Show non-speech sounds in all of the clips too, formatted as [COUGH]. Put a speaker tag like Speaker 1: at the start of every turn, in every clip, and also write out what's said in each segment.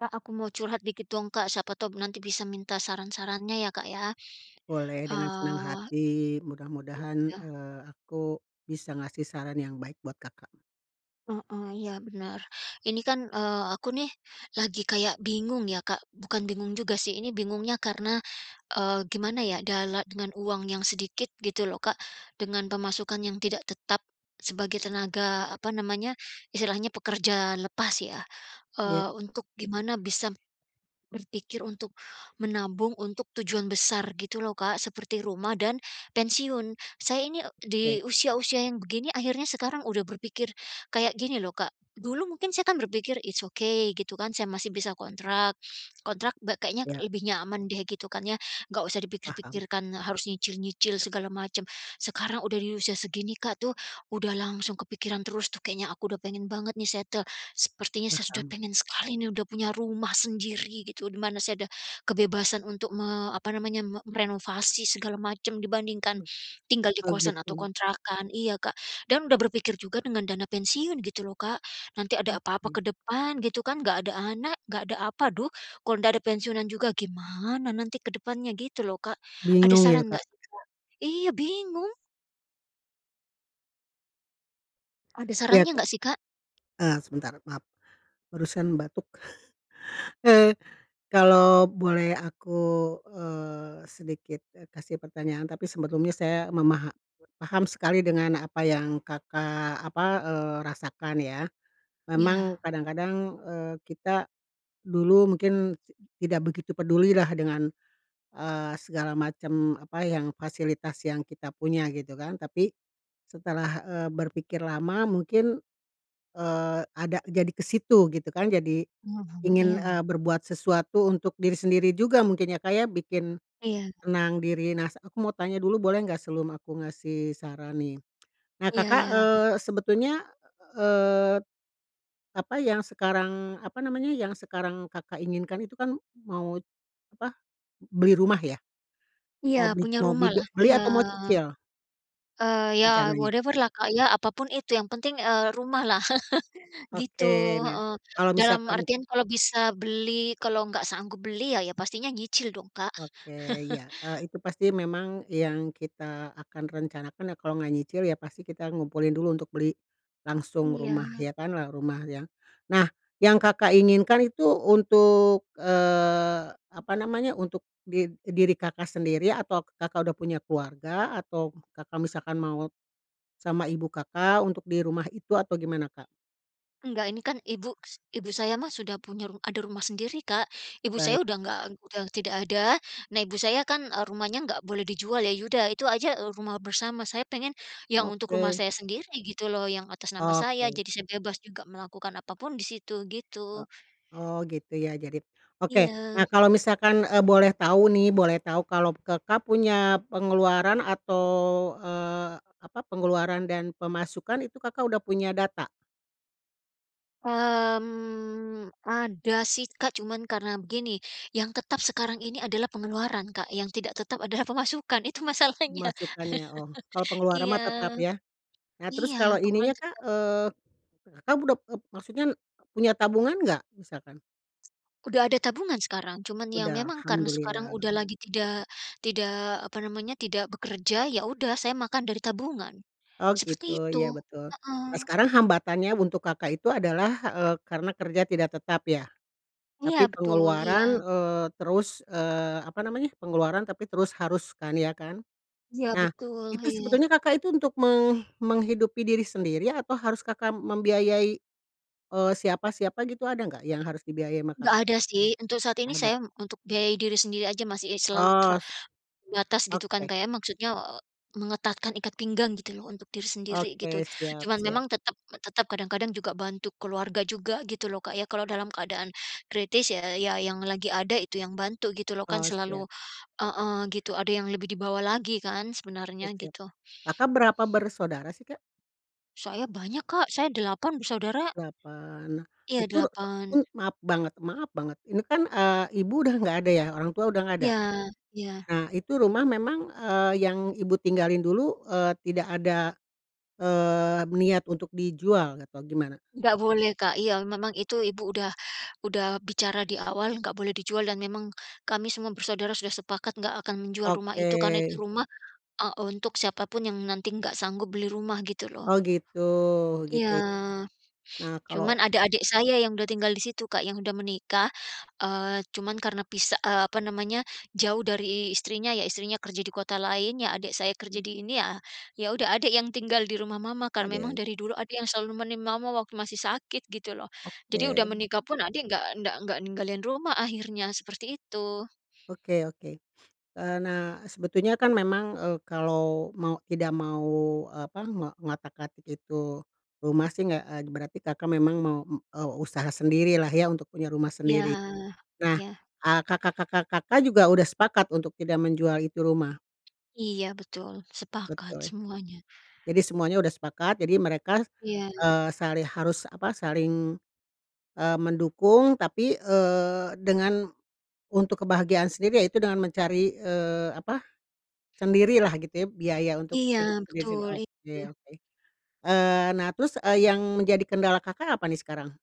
Speaker 1: Kak, aku mau curhat dikit dong, Kak, siapa tahu nanti bisa minta saran-sarannya ya, Kak, ya.
Speaker 2: Boleh, dengan senang
Speaker 1: Eee.
Speaker 2: hati. Mudah-mudahan,
Speaker 1: Iya.
Speaker 2: eee, aku bisa ngasih saran yang baik buat Kakak.
Speaker 1: Heeh. Iya, bener. Ini kan, eee, aku nih lagi kayak bingung ya, Kak. Bukan bingung juga sih, ini bingungnya karena, eee, gimana ya dala dengan uang yang sedikit, gitu loh, Kak, dengan pemasukan yang tidak tetap sebagai tenaga, apa namanya, istilahnya pekerja lepas ya,
Speaker 2: Iya.
Speaker 1: eee, untuk gimana bisa berpikir untuk menabung untuk tujuan besar, gitu loh, Kak, seperti rumah dan pensiun. Saya ini, eee, di
Speaker 2: Oke.
Speaker 1: usia-usia yang begini akhirnya sekarang sudah berpikir kayak gini loh, Kak, dulu mungkin saya kan berpikir, "It's okay", gitu kan, saya masih bisa kontrak, kontrak be kayaknya
Speaker 2: Iya.
Speaker 1: lebih nyaman deh, gitu kan, ya. Enggak usah
Speaker 2: Paham.
Speaker 1: dipikir-pikirkan, harus nyicil-nyicil segala macam. Sekarang sudah di usia segini, Kak, tuh, udah langsung kepikiran terus tuh, kayaknya aku udah pengen banget nih settle, sepertinya saya sudah
Speaker 2: Paham.
Speaker 1: pengen sekali nih, udah punya rumah sendiri gitu, di mana saya ada kebebasan untuk me apa namanya, me merenovasi segala macam, dibandingkan
Speaker 2: Hmm.
Speaker 1: tinggal di
Speaker 2: Oh,
Speaker 1: kosan atau
Speaker 2: gitu.
Speaker 1: kontrakan. Iya, Kak. Dan sudah berpikir juga dengan dana pensiun, gitu loh, Kak. Nanti ada apa-apa
Speaker 2: Oke.
Speaker 1: ke depan, gitu kan, nggak ada anak, enggak ada, apa, duh, kalau nggak ada pensiunan juga gimana nanti ke depannya, gitu loh, Kak. Ada
Speaker 2: Bingung ya,
Speaker 1: saran
Speaker 2: Kak.
Speaker 1: nggak sih, Kak? Iya, bingung. Ada
Speaker 2: Iya
Speaker 1: sarannya
Speaker 2: Kak,
Speaker 1: nggak sih Kak?
Speaker 2: eee, sebentar maaf, barusan batuk, [CHUCKLES] eee, kalau boleh aku, eee, sedikit, eee, kasih pertanyaan, tapi sebelumnya saya memaha paham sekali dengan apa yang Kakak, apa, eee, rasakan ya, memang
Speaker 1: Iya.
Speaker 2: kadang-kadang, eee, kita, dulu mungkin tidak begitu pedulilah dengan, eee, segala macam apa yang fasilitas yang kita punya gitu kan, tapi setelah, eee, berpikir lama mungkin, eee, ada jadi ke situ gitu kan jadi
Speaker 1: Mhm,
Speaker 2: ingin,
Speaker 1: iya.
Speaker 2: eee, berbuat sesuatu untuk diri sendiri juga mungkin ya Kak ya bikin
Speaker 1: Iya.
Speaker 2: tenang diri, nah aku mau tanya dulu boleh nggak sebelum aku ngasih saran nih? Nah
Speaker 1: Iya
Speaker 2: Kakak,
Speaker 1: iya
Speaker 2: eee,
Speaker 1: boleh.
Speaker 2: sebetulnya, eee, apa yang sekarang apa namanya, yang sekarang Kakak inginkan itu kan mau apa, beli rumah ya,
Speaker 1: Iya
Speaker 2: mau beli
Speaker 1: punya
Speaker 2: mau beli be
Speaker 1: rumahlah
Speaker 2: beli
Speaker 1: iya,
Speaker 2: atau mau cicil?
Speaker 1: eee, ya
Speaker 2: Rencananya?
Speaker 1: whatever-lah Kak, ya apa pun itu yang penting, eee, rumah lah [CHUCKLES] gitu,
Speaker 2: Oke nah
Speaker 1: heeh,
Speaker 2: kalau
Speaker 1: dalam
Speaker 2: misalkan
Speaker 1: artian kalau bisa beli, kalau nggak sanggup beli ya ya pastinya nyicil dong Kak.
Speaker 2: Oke
Speaker 1: [CHUCKLES]
Speaker 2: ya, eee, itu pasti memang yang kita akan rencanakan ya kalau enggak nyicil ya pasti kita ngumpulin dulu untuk beli, langsung rumah
Speaker 1: Iya.
Speaker 2: ya kan lah rumah ya. Nah, yang Kakak, inginkan itu untuk, eee, apa namanya untuk di diri Kakak, sendiri atau Kakak, udah punya keluarga? Atau Kakak, misalkan mau, sama ibu Kakak, untuk di rumah itu atau gimana Kak?
Speaker 1: Enggak ini kan ibuks ibu saya mah sudah punya ru ada rumah sendiri Kak. Ibu saya
Speaker 2: Baik.
Speaker 1: udah nggak udah tidak ada. Nah ibu saya kan, eee, rumahnya nggak boleh dijual ya ya udah itu aja, eee, rumah bersama. Saya pengen yang untuk rumah
Speaker 2: Oke.
Speaker 1: saya sendiri, gitu loh, yang atas nama saya.
Speaker 2: Oke.
Speaker 1: Jadi saya bebas juga melakukan apapun di situ,
Speaker 2: E
Speaker 1: gitu.
Speaker 2: oh, gitu ya. Jadi oke. Nah
Speaker 1: Iya.
Speaker 2: kalau misalkan, eee, boleh tahu nih, boleh tahu kalau Kakak punya pengeluaran atau, eee, apa, pengeluaran dan pemasukan itu Kakak udah punya data?
Speaker 1: Mmm, ada sih Kak, cuman karena begini, yang tetap sekarang ini adalah pengeluaran Kak, yang tidak tetap adalah pemasukan itu masalahnya,
Speaker 2: Pemasukan ya? Oh, kalau
Speaker 1: [LAUGHS]
Speaker 2: pengeluaran
Speaker 1: Iya,
Speaker 2: mah tetap ya. Nah
Speaker 1: iya,
Speaker 2: terus kalau ini nya
Speaker 1: pengeluaran
Speaker 2: Kak,
Speaker 1: tetap.
Speaker 2: eee, Kakak ud e maksudnya punya tabungan enggak? Misalkan.
Speaker 1: Udah ada tabungan sekarang. Cuman ya
Speaker 2: Udah,
Speaker 1: memang karena sekarang
Speaker 2: alhamdulillah.
Speaker 1: udah lagi tidak tidak apa namanya, tidak bekerja. Ya udah, saya makan dari tabungan,
Speaker 2: Oh,
Speaker 1: seperti
Speaker 2: gitu.
Speaker 1: itu.
Speaker 2: Iya, betul. Nah,
Speaker 1: Heeh.
Speaker 2: sekarang hambatannya untuk Kakak itu adalah, eee, karena kerja tidak tetap ya.
Speaker 1: Iya,
Speaker 2: Tapi,
Speaker 1: betul.
Speaker 2: pengeluaran,
Speaker 1: Iya.
Speaker 2: eee, terus, eee, apa namanya, pengeluaran tapi terus harus kan, ya kan.
Speaker 1: Iya,
Speaker 2: Nah,
Speaker 1: betul.
Speaker 2: itu
Speaker 1: Iya.
Speaker 2: sebetulnya Kakak itu untuk meng menghidupi diri sendiri, atau harus Kakak membiayai, eee, siapa-siapa gitu ada nggak, yang harus dibiayai sama
Speaker 1: Nggak
Speaker 2: Kakak?
Speaker 1: ada sih, untuk saat
Speaker 2: Mmm,
Speaker 1: ini
Speaker 2: ada?
Speaker 1: saya untuk biayai diri sendiri aja masih selalu
Speaker 2: Os
Speaker 1: terbatas, gitu kan
Speaker 2: oke.
Speaker 1: Kak ya. Maksudnya, e mengetatkan ikat pinggang gitu loh untuk diri sendiri, gitu.
Speaker 2: Oke. Siap
Speaker 1: Cuman
Speaker 2: siap.
Speaker 1: memang tetap tetap kadang-kadang juga bantu keluarga juga, gitu lho Kak ya. Kalau dalam keadaan kritis ya ya yang lagi ada itu yang bantu, gitu lho, kan
Speaker 2: Oh,
Speaker 1: selalu
Speaker 2: siap.
Speaker 1: heeh, gitu, ada yang lebih di bawah lagi kan
Speaker 2: Oh,
Speaker 1: sebenarnya,
Speaker 2: siap.
Speaker 1: gitu.
Speaker 2: Kakak berapa bersaudara sih Kak?
Speaker 1: Saya banyak Kak, Saya 8 bersaudara.
Speaker 2: 8,
Speaker 1: Iya
Speaker 2: itu itu
Speaker 1: 8.
Speaker 2: maaf banget maaf banget ini kan, eee, ibu udah nggak ada ya orang tua udah nggak
Speaker 1: Iya,
Speaker 2: ada?
Speaker 1: iya.
Speaker 2: Nah itu rumah memang, eee, yang ibu tinggalin dulu, eee, tidak ada, eee, niat untuk dijual atau gimana?
Speaker 1: Nggak boleh Kak, iya memang itu ibu udah udah bicara diawal nggak boleh dijual dan memang kami semua bersaudara sudah sepakat gak akan menjual rumah
Speaker 2: Oke.
Speaker 1: itu karena itu rumah, eee, untuk siapa pun yang nanti nggak sanggup beli rumah gitu loh.
Speaker 2: Oh gitu
Speaker 1: Iya,
Speaker 2: gitu, nah kalau
Speaker 1: cuman ada adik saya yang udah tinggal di situ Kak, yang udah menikah, eee, cuman karena pisa eee, apa namanya jauh dari istrinya ya, istrinya kerja di kota lain, ya adik saya kerja
Speaker 2: Oke.
Speaker 1: di ini ya, ya udah adik yang tinggal di rumah mama kan
Speaker 2: Ada
Speaker 1: memang
Speaker 2: yang
Speaker 1: dari dulu adik yang selalu nemenin mama waktu masih sakit gitu loh, jadi udah
Speaker 2: Oke.
Speaker 1: menikah pun adik nggak nggak nggak ninggalin rumah akhirnya seperti itu.
Speaker 2: Oke oke, eee, nah sebetulnya kan memang, eee, kalau mau tidak mau apa ngo ngotak-atik itu, rumah sih gek eee, berarti Kakak, memang mau m eee, usaha sendirilah ya untuk punya rumah
Speaker 1: Iya,
Speaker 2: sendiri, nah,
Speaker 1: iya.
Speaker 2: eee, kakak-kakak Kakak, juga udah sepakat untuk tidak menjual itu rumah?
Speaker 1: Iya betul sepakat
Speaker 2: Betul,
Speaker 1: semuanya.
Speaker 2: jadi semuanya udah sepakat jadi mereka,
Speaker 1: Iya.
Speaker 2: eee, sali harus apa saling, eee, mendukung tapi, eee, dengan, untuk kebahagiaan sendiri ya itu dengan mencari, eee, apa, sendirilah gitu ya biaya untuk
Speaker 1: Iya
Speaker 2: hidup sendiri
Speaker 1: betul
Speaker 2: oke
Speaker 1: iya.
Speaker 2: oke. Eee, nah terus, eee, yang menjadi kendala Kakak, apa nih sekarang?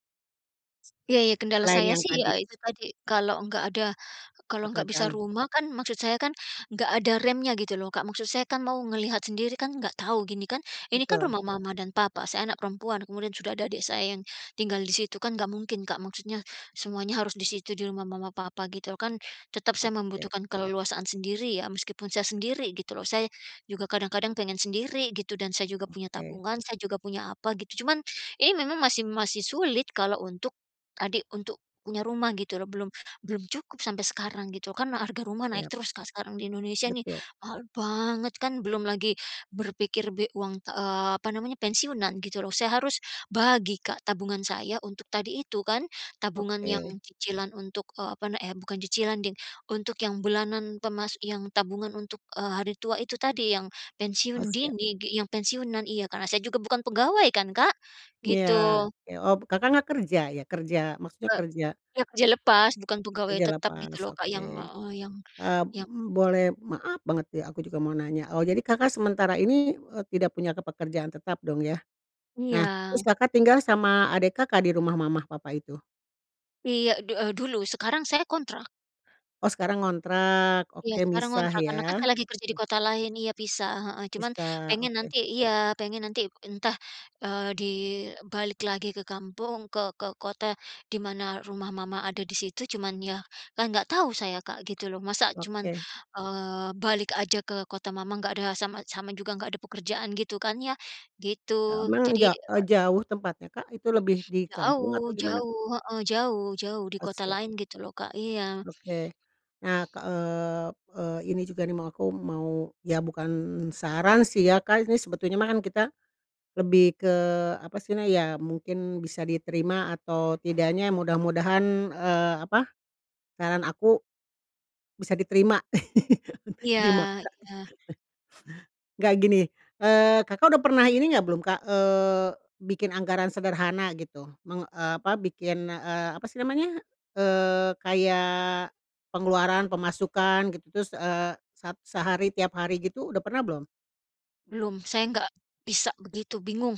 Speaker 1: Ya ya kendala
Speaker 2: Selain
Speaker 1: saya
Speaker 2: yang
Speaker 1: sih
Speaker 2: tadi?
Speaker 1: ya itu tadi kalau nggak ada, kalau nggak bisa
Speaker 2: Pekerjaan.
Speaker 1: rumah kan maksud saya kan enggak ada remnya gitu loh Kak, maksud saya kan mau ngelihat sendiri kan enggak tahu gini kan, ini kan
Speaker 2: Betul.
Speaker 1: rumah mama dan papa saya anak perempuan kemudian sudah ada adik saya yang, tinggal di situ kan enggak mungkin Kak, maksudnya semuanya harus di situ di rumah mama papa gitu kan, tetap saya
Speaker 2: Oke.
Speaker 1: membutuhkan keleluasaan sendiri ya, meskipun saya sendiri gitu loh saya, juga kadang-kadang pengen sendiri gitu dan saya juga punya
Speaker 2: Oke.
Speaker 1: tabungan, saya juga punya apa gitu, cuman ini memang masih masih sulit kalau untuk adik untuk punya rumah gitu loh, belum belum cukup sampai sekarang gitu kan harga rumah naik
Speaker 2: Yap.
Speaker 1: terus Kak, sekarang di Indonesia nih
Speaker 2: Betul.
Speaker 1: mahal banget kan belum lagi berpikir be uang, eee, apa namanya pensiunan gitu loh. Saya harus bagi Kak, tabungan saya untuk tadi itu kan tabungan yang
Speaker 2: Oke.
Speaker 1: cicilan untuk, eee, apa na eh, bukan cicilan deh untuk yang bulanan pemas yang tabungan untuk, eee, hari tua itu tadi yang
Speaker 2: Oh
Speaker 1: pensiun
Speaker 2: siap.
Speaker 1: dini gi yang pensiunan iya karena saya juga bukan pegawai kan Kak,
Speaker 2: Iya
Speaker 1: gitu.
Speaker 2: ke oh Kakak, nggak kerja ya kerja maksudnya
Speaker 1: Eee,
Speaker 2: kerja, eee,
Speaker 1: ya kerja lepas bukan pegawai
Speaker 2: kerja
Speaker 1: tetap gitu
Speaker 2: lepas
Speaker 1: loh Kak,
Speaker 2: oke.
Speaker 1: yang, eee, yang
Speaker 2: Eee,
Speaker 1: yang
Speaker 2: boleh maaf banget ya aku juga mau nanya, oh jadi Kakak, sementara ini, eee, tidak punya ke pekerjaan tetap dong ya, nah
Speaker 1: Iya.
Speaker 2: terus Kakak, tinggal sama adik Kakak, di rumah mama papa itu?
Speaker 1: Iya du eee, dulu. Sekarang saya kontrak.
Speaker 2: Oh, sekarang ngontrak.
Speaker 1: Iya,
Speaker 2: Oke,
Speaker 1: sekarang
Speaker 2: misah,
Speaker 1: ngontrak, karena kan
Speaker 2: ya.
Speaker 1: saya lagi kerja di
Speaker 2: Oke.
Speaker 1: kota lain. Iya, pisah, heeh, cuman
Speaker 2: Misah,
Speaker 1: pengen
Speaker 2: oke.
Speaker 1: nanti iya, pengen nanti entah, eee, di balik lagi ke kampung, ke ke kota, di mana rumah mama ada di situ. Cuman ya, kan nggak tahu saya, Kak, gitu loh. Masa cuman,
Speaker 2: Oke.
Speaker 1: eee, balik aja ke kota mama nggak ada sama sama juga nggak ada pekerjaan, gitu kan ya, gitu.
Speaker 2: Memang
Speaker 1: Jadi,
Speaker 2: ja eee,
Speaker 1: es
Speaker 2: jauh tempatnya, Kak? itu lebih di kampung
Speaker 1: Jauh
Speaker 2: atau gimana?
Speaker 1: jauh, heeh, jauh jauh, di
Speaker 2: Oh,
Speaker 1: kota
Speaker 2: siap.
Speaker 1: lain, gitu loh, Kak, Iya.
Speaker 2: Oke. Nah ke eee, eee, ini juga nih mau, aku mau, ya, bukan saran sih ya, Kak, ini sebetulnya mah kan kita lebih ke apa sih na ya mungkin bisa diterima atau tidaknya mudah-mudahan, eee, apa saran aku bisa diterima. [LAUGHS]
Speaker 1: Iya
Speaker 2: Dimakan.
Speaker 1: iya.
Speaker 2: Nggak gini, eee, Kakak udah pernah ini enggak belum, Kak, eee, bikin anggaran sederhana gitu, men eee, apa, bikin, eee, apa sih namanya, eee, kayak pengeluaran pemasukan, gitu, terus, eee, se sehari tiap hari gitu, udah pernah belum?
Speaker 1: Belum. Saya nggak bisa begitu, bingung.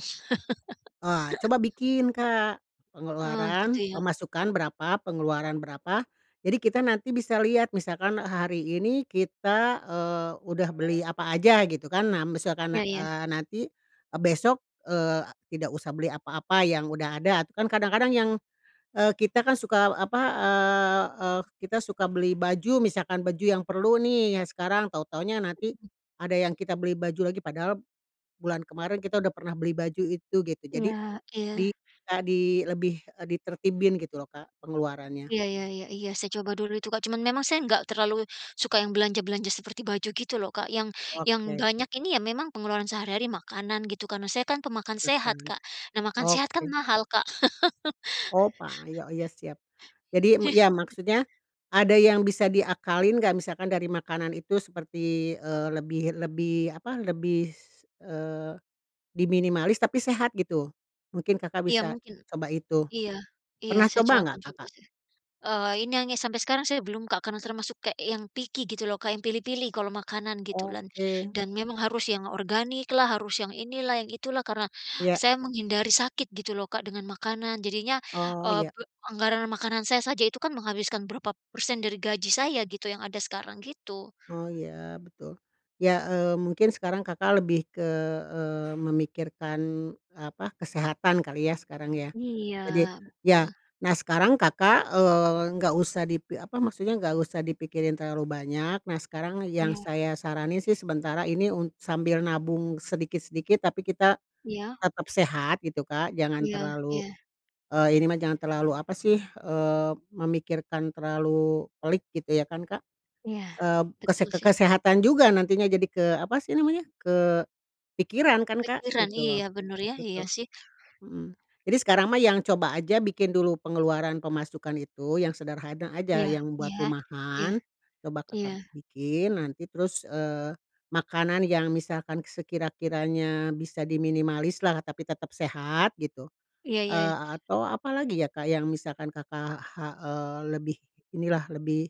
Speaker 2: Wah,
Speaker 1: [LAUGHS]
Speaker 2: coba bikin, Kak,
Speaker 1: Oh, gitu
Speaker 2: pengeluaran
Speaker 1: ya.
Speaker 2: pemasukan berapa pengeluaran berapa. Jadi kita nanti bisa lihat misalkan hari ini kita, eee, udah beli apa aja, gitu kan. Nah, misalkan a
Speaker 1: Iya ya.
Speaker 2: eee, nanti e besok, eee, tidak usah beli apa-apa yang udah ada. Itu kan kadang-kadang yang, eee, kita kan suka, eee, apa, eee eee, kita suka beli baju, misalkan baju yang perlu nih yang sekarang, tahu-tahunya
Speaker 1: Oh,
Speaker 2: nanti
Speaker 1: gitu.
Speaker 2: ada yang kita beli baju lagi padahal bulan kemarin kita udah pernah beli baju itu gitu. Jadi
Speaker 1: Iya iya.
Speaker 2: di, eee, di lebih, eee, ditertibin gitu loh, Kak, pengeluarannya.
Speaker 1: Iya iya iya iya, saya coba dulu itu, Kak. Cuman memang saya nggak terlalu i suka yang belanja-belanja seperti baju gitu loh, Kak. Yang yang
Speaker 2: Oke.
Speaker 1: banyak ini ya memang pengeluaran sehari-hari makanan, gitu kan. Nah saya kan pemakan
Speaker 2: Nah, kan.
Speaker 1: sehat, Kak. Nah makan sehat kan
Speaker 2: Oke.
Speaker 1: mahal, Kak.
Speaker 2: Oh, pa yo iya siap. Jadi m
Speaker 1: [CHUCKLES]
Speaker 2: iya maksudnya ada yang bisa diakalin nggak? Misalkan dari makanan itu seperti, eee, lebih lebih, apa, lebih s eee, diminimalis, tapi sehat gitu. Mungkin Kakak
Speaker 1: Iya,
Speaker 2: bisa
Speaker 1: mungkin
Speaker 2: coba itu.
Speaker 1: Iya, iya,
Speaker 2: Pernah
Speaker 1: saya
Speaker 2: coba
Speaker 1: cowa akan
Speaker 2: nggak,
Speaker 1: coba
Speaker 2: Kakak?
Speaker 1: seh. Eee, ini hanya sampai sekarang saya belum, Kak, karena termasuk kayak yang picky gitu loh, Kak, yang pilih-pilih kalau makanan gitu lan
Speaker 2: Oke.
Speaker 1: dan memang harus yang organiklah, harus yang inilah, yang itulah karena
Speaker 2: Iya.
Speaker 1: saya menghindari sakit gitu loh, Kak, dengan makanan. Jadinya,
Speaker 2: Oh,
Speaker 1: eee,
Speaker 2: iya.
Speaker 1: pe anggaran makanan saya saja itu kan menghabiskan berapa persen dari gaji saya gitu yang ada sekarang, gitu.
Speaker 2: Oh, iya, betul. Ya, eee, mungkin sekarang Kakak lebih ke, eee, memikirkan, apa, kesehatan kali ya, sekarang ya? Jadi,
Speaker 1: Iya,
Speaker 2: ya,
Speaker 1: betul.
Speaker 2: nah, sekarang Kakak, eee, nggak usah dipi apa maksudnya, nggak usah dipikirin terlalu banyak. Nah, sekarang yang
Speaker 1: Iya.
Speaker 2: saya saranin sih sementara ini un sambil nabung sedikit-sedikit, tapi kita
Speaker 1: Iya?
Speaker 2: tetap sehat, gitu, Kak. Jangan
Speaker 1: Iya,
Speaker 2: terlalu
Speaker 1: iya.
Speaker 2: eee, ini mah jangan terlalu, apa sih, eee, memikirkan terlalu pelik, gitu ya kan, Kak?
Speaker 1: Iya,
Speaker 2: Mmm, kese
Speaker 1: betul
Speaker 2: ke
Speaker 1: sih.
Speaker 2: kesehatan juga nantinya jadi ke apa sih namanya, kepikiran kan, Kak,
Speaker 1: Pikiran.
Speaker 2: gitu loh.
Speaker 1: Iya, bener ya. Iya
Speaker 2: Betul.
Speaker 1: sih.
Speaker 2: Mhm. Jadi sekarang mah yang coba aja bikin dulu pengeluaran pemasukan itu, yang sederhana aja
Speaker 1: Iya,
Speaker 2: yang buat
Speaker 1: iya, iya,
Speaker 2: rumahan. Coba
Speaker 1: iya.
Speaker 2: Kakak bikin, nanti terus, eee, makanan yang misalkan sekira-kiranya bisa diminimalislah, tapi tetap sehat, gitu.
Speaker 1: Iya iya
Speaker 2: Eee,
Speaker 1: iya.
Speaker 2: a atau apa lagi ya, Kak, yang misalkan Kakak ha eee, lebih inilah lebih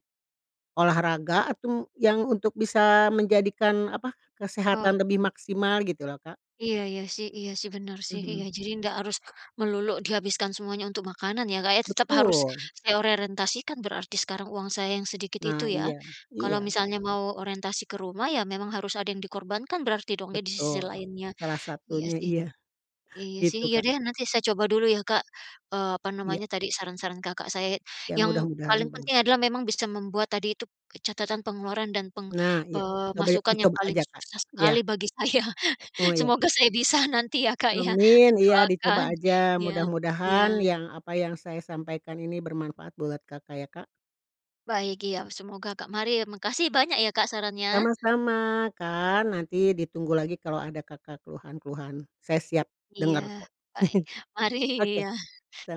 Speaker 2: olahraga atau m yang untuk bisa menjadikan, apa, kesehatan lebih
Speaker 1: Oke.
Speaker 2: maksimal, gitu loh, Kak?
Speaker 1: Iya iya sih iya sih, bener sih. Iya,
Speaker 2: Mhm.
Speaker 1: jadi nggak harus melulu dihabiskan semuanya untuk makanan ya, Kak, ya. Tetap harus
Speaker 2: Betul.
Speaker 1: saya orientasikan berarti sekarang uang saya yang sedikit itu
Speaker 2: Nah,
Speaker 1: ya.
Speaker 2: iya.
Speaker 1: Kalau
Speaker 2: Iya.
Speaker 1: misalnya mau orientasi ke rumah, ya memang harus ada yang dikorbankan berarti dong ya di sisi
Speaker 2: Betul.
Speaker 1: lainnya.
Speaker 2: Salah
Speaker 1: Iya
Speaker 2: satunya,
Speaker 1: sih.
Speaker 2: iya.
Speaker 1: Iya sih.
Speaker 2: Gitu,
Speaker 1: Iya
Speaker 2: Kak.
Speaker 1: deh, nanti saya coba dulu ya, Kak, eee, apa
Speaker 2: Iya.
Speaker 1: namanya tadi, saran-saran Kakak. Saya ya
Speaker 2: Ya,
Speaker 1: yang paling
Speaker 2: mudah-mudahan
Speaker 1: penting
Speaker 2: bener.
Speaker 1: adalah memang bisa membuat tadi itu, ke catatan pengeluaran dan peng
Speaker 2: Nah, iya. Coba ya
Speaker 1: pemasukan yang
Speaker 2: dicoba
Speaker 1: paling
Speaker 2: aja, Kak.
Speaker 1: susah sekali
Speaker 2: Iya.
Speaker 1: bagi saya.
Speaker 2: Oh, iya.
Speaker 1: Semoga saya bisa nanti ya, Kak, ya.
Speaker 2: Amin! Iya,
Speaker 1: Doakan.
Speaker 2: dicoba aja.
Speaker 1: Iya.
Speaker 2: Mudah-mudahan
Speaker 1: Iya.
Speaker 2: yang apa yang saya sampaikan ini bermanfaat buat Kakak ya, Kak.
Speaker 1: Baik. Iya. Semoga, Kak. Mari ya, makasih banyak ya, Kak, sarannya.
Speaker 2: Sama-sama, Kak. Nanti ditunggu lagi kalau ada Kakak keluhan-keluhan. Saya siap
Speaker 1: Iya.
Speaker 2: denger kok.
Speaker 1: Baik.
Speaker 2: [CHUCKLES]
Speaker 1: Mari.
Speaker 2: Oke. Se
Speaker 1: Iya.